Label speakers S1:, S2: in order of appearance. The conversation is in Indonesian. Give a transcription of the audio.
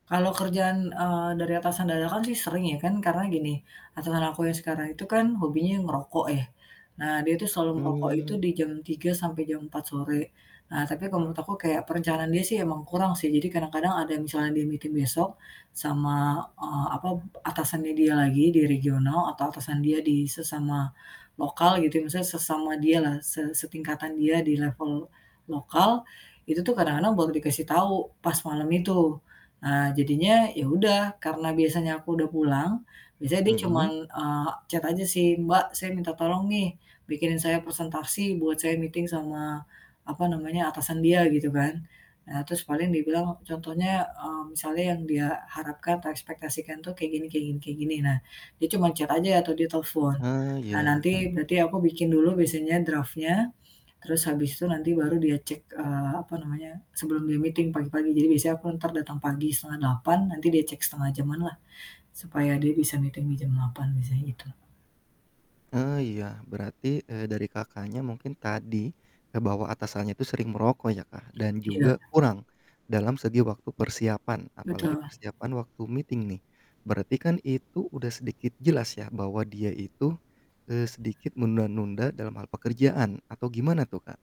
S1: Kalau kerjaan, eee, dari atasan dadakan sih sering ya, kan karena gini, atasan aku yang sekarang itu kan hobinya ngerokok ya. Nah dia itu selalu ngerokok itu
S2: Mmm.
S1: di jam 3.00 sampai jam 4.00 sore. Nah tapi kalau menurut aku kayak perencanaan dia sih emang kurang sih, jadi kadang-kadang ada yang misalnya dia meeting besok sama, eee, apa, atasannya dia lagi di regional atau atasan dia di sesama lokal gitu ya, misalnya sesama dialah, se setingkatan dia di level lokal, itu tuh kadang-kadang baru dikasih tahu pas malem itu. Nah jadinya ya udah, karena biasanya aku udah pulang, biasanya dia cuman,
S2: Mhm.
S1: eee, chat aja sih, "Mbak saya minta tolong nih, bikinin saya presentasi buat saya meeting," sama apa namanya, atasan dia gitu kan. Nah terus paling dia bilang contohnya, eee, misalnya yang dia harapkan atau ekspektasikan tuh kayak gini kayak gini kayak gini. Nah dia cuman chat aja atau dia telpon.
S2: Ah,
S1: Nah
S2: iya.
S1: nanti berarti aku bikin dulu biasanya draft-nya terus habis itu nanti baru dia cek, eee, apa namanya, sebelum dia meeting pagi-pagi. Jadi biasanya aku entar datang pagi 7.30 nanti dia cek 1/2 jam-an lah, supaya dia bisa meeting di jam 8.00 biasanya gitu.
S2: Ah, iya. Berarti, eee, dari Kakaknya mungkin tadi kebawa atasannya itu sering merokok ya Kak, dan
S1: Iya.
S2: juga kurang dalam segi waktu persiapan, apalagi
S1: Betul.
S2: persiapan waktu meeting nih. Berarti kan itu udah sedikit jelas ya bahwa dia itu, eee, sedikit menunda-nunda dalam hal pekerjaan atau gimana tuh Kak?